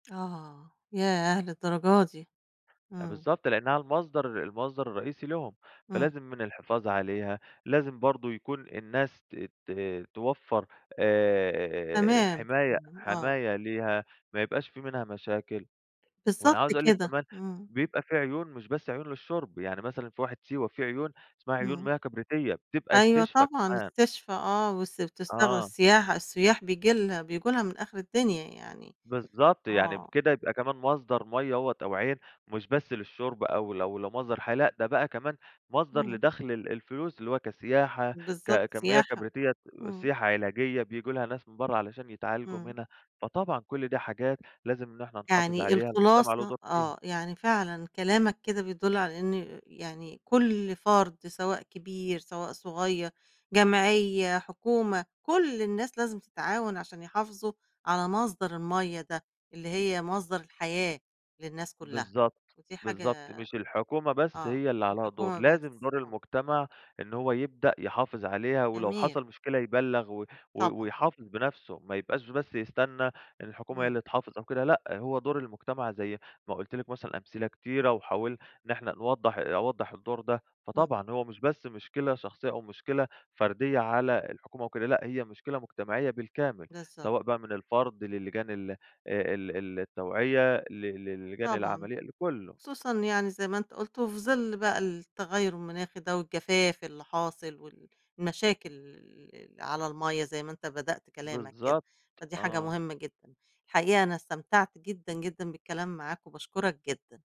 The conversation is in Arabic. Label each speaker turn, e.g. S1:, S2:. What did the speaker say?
S1: آه، ياه! للدرجة دي،
S2: آآ،
S1: امم.
S2: بالضبط، لأنها المصدر المصدر الرئيسي لهم،
S1: امم.
S2: فلازم من الحفاظ عليها، لازم برضه يكون الناس ت ت توفّر، آآ،
S1: تمام،
S2: حماية
S1: تمام، آه.
S2: حماية ليها، ما يبقاش في منها مشاكل. وأنا
S1: بالضبط
S2: عاوز أقول لِك
S1: كده،
S2: كمان،
S1: امم.
S2: بيبقى في عيون مش بس عيون للشرب، يعني مثلًا في واحة سيوة في عيون، اسمها عيون
S1: امم.
S2: مياه كبريتية، بتبقى
S1: أيوه
S2: استشفا
S1: طبعًا،
S2: كمان.
S1: استشفا آه، بس بتس بتستغل
S2: آه.
S1: السياحة السُيّاح بييجي لها بييجوا لها من آخر الدنيا يعني،
S2: بالضبط، يعني
S1: آه.
S2: بكده يبقى كمان مصدر مَيّة أهوّة أو عين، مش بس للشرب أو لو لمصدر حياة، لأ ده بقى كمان مصدر
S1: امم.
S2: لدخل ال الفلوس اللي هو كسياحة،
S1: بالضبط،
S2: ك كمياه
S1: سياحة،
S2: كبريتية ك
S1: امم.
S2: سياحة علاجية بييجوا ليها ناس من برّه علشان يتعالجوا
S1: امم.
S2: منها، فطبعًا كُلّ ده حاجات لازم إن إحنا نحافظ
S1: يعني
S2: عليها، المجتمع له
S1: الخلاصة
S2: دور فيها.
S1: آه، يعني فعلًا كلامك كده بيدُلّ على إن يعني كُلّ فرد سواء كبير سواء صغيّر، جمعية، حكومة، كُلّ الناس لازم تتعاون عشان يحافظوا على مصدر المَيَّة ده، اللي هي مصدر الحياة للناس كلّها،
S2: بالضبط،
S1: ودي حاجة
S2: بالضبط، مش الحكومة بس
S1: آه،
S2: هي اللي
S1: في
S2: عليها دور،
S1: الحكومة بس،
S2: لازم دور
S1: آه.
S2: المجتمع، إن هو يبدأ يحافظ عليها ولو
S1: جميل.
S2: حصل مشكلة يبلَّغ و و
S1: طبعًا.
S2: ويحافظ بنفسه ما يبقاش بس يستنى إن الحكومة هي
S1: امم.
S2: اللي تحافظ أو كده لأ، هو دور المجتمع زي ما قُلت لِك مثلًا أمثلة كتيرة وحاول إن إحنا نوضح أوضّح الدور ده،
S1: امم.
S2: فطبعًا هو مش بس مشكلة شخصيّة، أو مشكلة فردية على الحكومة أو كده، لأ هي مشكلة مجتمعية بالكامل،
S1: بالضبط.
S2: سواء بقى من الفرد لللجان ال آآ، ال التوعية ل ل لللجان
S1: طبعًا،
S2: العمليّة لكُلّه.
S1: خصوصًا يعني زي ما أنتم قُلتوا، وفي ظل بقى التغيُّر المناخي ده، والجفاف اللي حاصل وال المشاكل الل اللي على المَيَّة، زي ما أنت بدأت كلامك كده،
S2: بالضبط،
S1: فدي حاجة
S2: آه.
S1: مهمّة جدًا. الحقيقة أنا استمتعت جدًا، جدًا بالكلام معاك، وباشكرك جدًا.